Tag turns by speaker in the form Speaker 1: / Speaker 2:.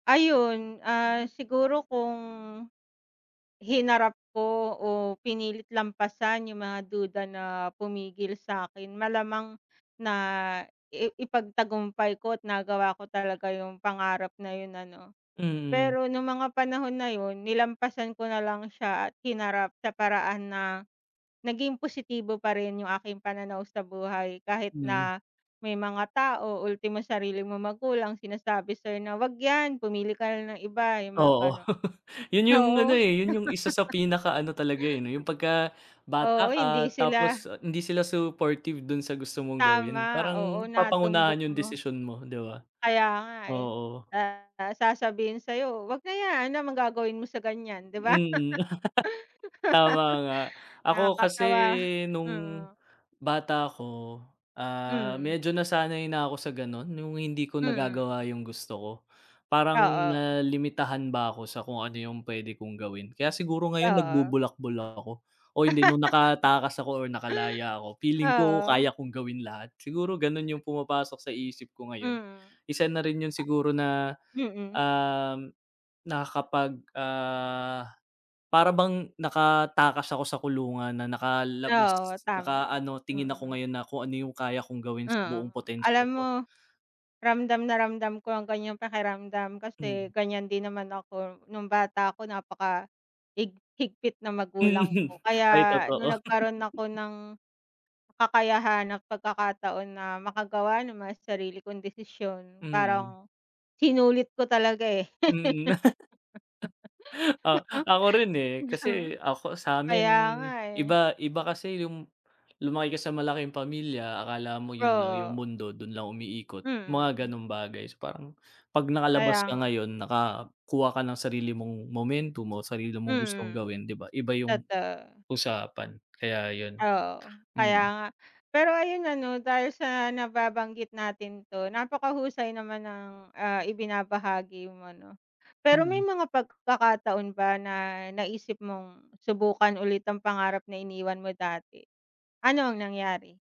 Speaker 1: Ayun, ah, siguro kung, hinarap ko o pinilit lampasan yung mga duda na pumigil sakin malamang na i ipagtagumpay ko at nagawa ko talaga yung pangarap na yun ano.
Speaker 2: Mhm.
Speaker 1: Pero nung mga panahon na yun nilampasan ko nalang siya at hinarap sa paraan na naging positibo pa rin yung aking pananaw sa buhay, kahit
Speaker 2: Hmm.
Speaker 1: na may mga tao, ultimo sarili mong magulang sinasabi sayo na wag 'yan pumili ka na ng iba yung mga
Speaker 2: Oo,
Speaker 1: gano'n,
Speaker 2: yun yung ano,
Speaker 1: oo.
Speaker 2: eh, yun yung isa sa pinaka ano talaga, eh, 'no, yung pagka bata
Speaker 1: Oo,
Speaker 2: ka
Speaker 1: hindi sila
Speaker 2: tapos hindi sila supportive dun sa gusto mong gawin,
Speaker 1: Tama, oo
Speaker 2: parang
Speaker 1: natumbok
Speaker 2: papangunahan yung
Speaker 1: mo.
Speaker 2: desisyon mo 'di ba,
Speaker 1: Kaya nga, eh.
Speaker 2: oo.
Speaker 1: Ah, sasabihin sa'yo, "Wag na yan. 'No naman gagawin mo sa ganyan?" 'di ba?
Speaker 2: Mm, tama nga. Ako kasi
Speaker 1: Nakakatawa,
Speaker 2: nung
Speaker 1: mm.
Speaker 2: bata ako, ah,
Speaker 1: Mhm.
Speaker 2: medyo nasanay na ako sa gano'n, yung hindi ko
Speaker 1: Mm.
Speaker 2: nagagawa yung gusto ko. Parang
Speaker 1: Oo.
Speaker 2: nalimitahan ba ako sa kung ano yung p'wede kong gawin. Kaya siguro ngayon
Speaker 1: Oo.
Speaker 2: nagbubulakbul lang ako, o hindi nung nakatakas ako or nakalaya ako feeling ko
Speaker 1: Oo.
Speaker 2: kaya kong gawin lahat. Siguro ganun yung pumapasok sa isip ko ngayon.
Speaker 1: Mm.
Speaker 2: Isa na rin yun siguro na,
Speaker 1: Mm.
Speaker 2: uhm, nakakapag, ah, para bang nakatakas ako sa kulungan na nakalabas,
Speaker 1: Oo
Speaker 2: naka
Speaker 1: tama,
Speaker 2: ano tingin ako
Speaker 1: mm.
Speaker 2: ngayon na kung ano yung kaya kong gawin sa
Speaker 1: Mm,
Speaker 2: buong potensyal
Speaker 1: alam mo,
Speaker 2: ko.
Speaker 1: ramdam na ramdam ko ang gan'yang pakiramdam kasi,
Speaker 2: Mm.
Speaker 1: gan'yan din naman ako nung bata ako napaka hig higpit ng magulang
Speaker 2: Hmm,
Speaker 1: ko. Kaya
Speaker 2: ay
Speaker 1: nung
Speaker 2: totoo.
Speaker 1: nagkaroon ako ng, kakayahan ng pagkakataon na makagawa naman sa sarili kong desisyon,
Speaker 2: Mm.
Speaker 1: parang sinulit ko talaga, eh.
Speaker 2: Mm. Ah, ako rin, eh. Kasi ako sa 'min,
Speaker 1: Kaya nga, eh.
Speaker 2: iba, iba kasi yung lumaki ka sa malaking pamilya akala mo yun lang yung
Speaker 1: Oo.
Speaker 2: mundo, dun lang umiikot. Mga
Speaker 1: Mm.
Speaker 2: ganong bagay, so, parang pag nakalabas
Speaker 1: Kaya
Speaker 2: ka
Speaker 1: nga.
Speaker 2: ngayon nakakuha ka ng sarili mong momentum mo, sarili mong gustong
Speaker 1: Mm,
Speaker 2: gawin 'di ba. Iba yung
Speaker 1: totoo.
Speaker 2: usapan kaya ayun,
Speaker 1: Oo, kaya
Speaker 2: mm.
Speaker 1: nga, pero ayun ano dahil sa nababanggit natin 'to napakahusay naman ang, ah, ibinabahagi mo 'no. Pero may
Speaker 2: Mhm.
Speaker 1: mga pagkakataon ba na naisip mong subukan ulit ang pangarap na iniwan mo dati, ano ang nangyari?